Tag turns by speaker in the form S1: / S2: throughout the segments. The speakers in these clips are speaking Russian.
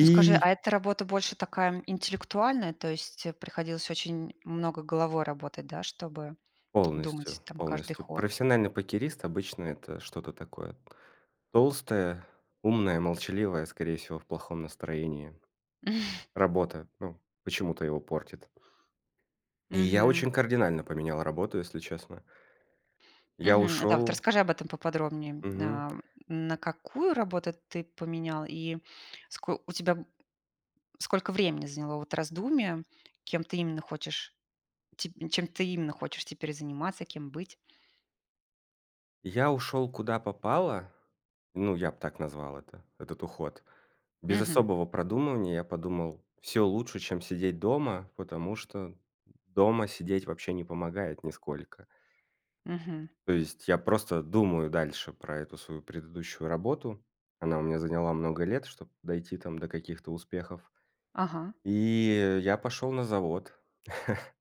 S1: Ну, скажи, а это работа больше такая интеллектуальная, то есть, э, приходилось очень много головой работать, да, чтобы
S2: Полностью,
S1: думать там каждый
S2: полностью.
S1: ход?
S2: Профессиональный покерист- обычно это что-то такое толстое, умное, молчаливое, скорее всего, в плохом настроении. Работа, ну, почему-то его портит. И я
S1: Мгм.
S2: очень кардинально поменял работу, если честно. Я
S1: Мгм, да, вот
S2: ушёл.
S1: расскажи об этом поподробнее,
S2: Мгм.
S1: ам, на какую работу ты поменял и ско у тебя сколько времени заняло вот раздумие, кем ты именно хочешь, ти чем ты именно хочешь теперь заниматься, кем быть?
S2: Я ушёл, куда попало. Ну, я б так назвал это, этот уход. Без
S1: Мгм.
S2: особого продумывания, я подумал, всё лучше, чем сидеть дома. Потому что дома сидеть вообще не помогает нисколько.
S1: Мгм.
S2: То есть я просто думаю дальше про эту свою предыдущую работу. Она у меня заняла много лет, чтоб дойти там до каких-то успехов.
S1: Ага.
S2: И я пошёл на завод.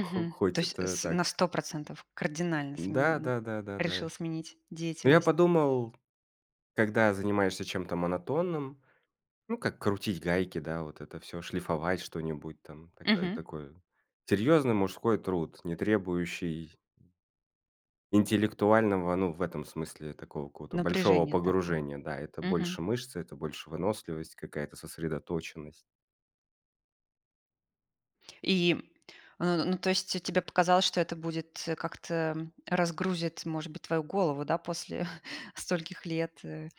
S2: Х
S1: то
S2: хоть
S1: есть
S2: это
S1: с
S2: так
S1: на 100 % кардинально
S2: Да
S1: сминен
S2: да да да да.
S1: решил сменить
S2: Ну я
S1: деятельность.
S2: подумал, когда занимаешься чем-то монотонным, ну, как крутить гайки, да, вот это всё, шлифовать что-нибудь, там такая
S1: Мгм.
S2: такой серьезный мужской труд, не требующий, м интеллектуального, ну, в этом смысле, такого какого-то большого
S1: Напряжение такое.
S2: погружения. Да, это
S1: Мгм.
S2: больше мышцы, это больше выносливость, какая-то сосредоточенность.
S1: И н ну, то есть те тебе показалось, что это будет, э, как-то разгрузит, может быть, твою голову, да, после стольких лет, э